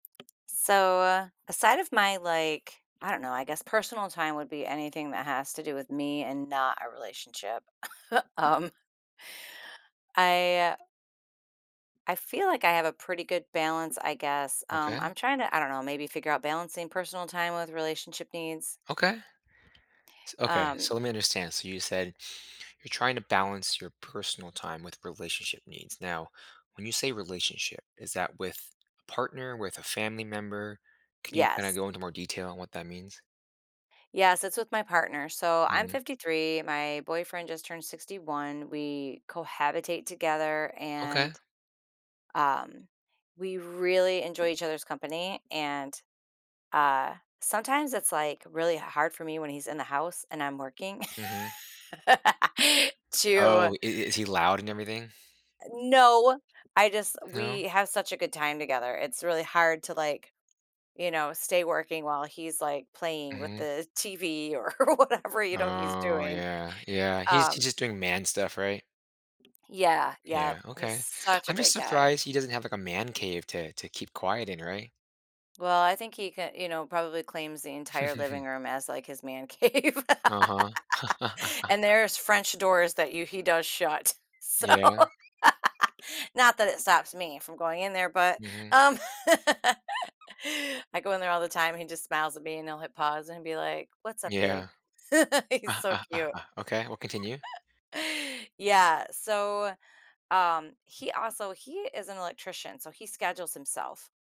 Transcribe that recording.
So, aside of my, like, I don't know, I guess personal time would be anything that has to do with me, and not a relationship. Um I I feel like I have a pretty good balance, I guess, um, Okay. I'm trying to, I don't know, maybe figure out balancing personal time with relationship needs. Okay. S okay, Um so let me understand, so you said you're trying to balance your personal time with relationship needs. Now, when you say relationship, is that with a partner, with a family member? Can you kinda Yes. go into more detail on what that means? Yes, it's with my partner. So, I'm Mhm. 53, my boyfriend just turned 61, we cohabitate together, Okay. and, um, we really enjoy each other's company, and, uh, sometimes it's, like, really h hard for me when he's in the house, and I'm working Mhm. Oh, to i is he loud and everything? Eh, no, I just No? we have such a good time together, it's really hard to, like, you know, stay working while he's, like, playing with Mhm. the TV or whatever, you know, he's Oh, doing. yeah. Yeah, he's he's Um just doing man stuff, right? Yeah, yep, Yeah, he's okay. such a I'm just great guy. surprised he doesn't have, like, a man cave to to keep quiet in, right? Well, I think he ca you know, probably claims the entire living room as, like, his man cave. Uh-huh. And there's French doors that you he does shut, so Yeah. not that it stops me from going in there, but, Mhm. um I go in there all the time, and he just smiles at me, and he'll hit pause and be like, "What's up, babe?" Yeah. He's so cute. Okay, well, continue. Yeah, so, um, he also he is an electrician, so he schedules himself.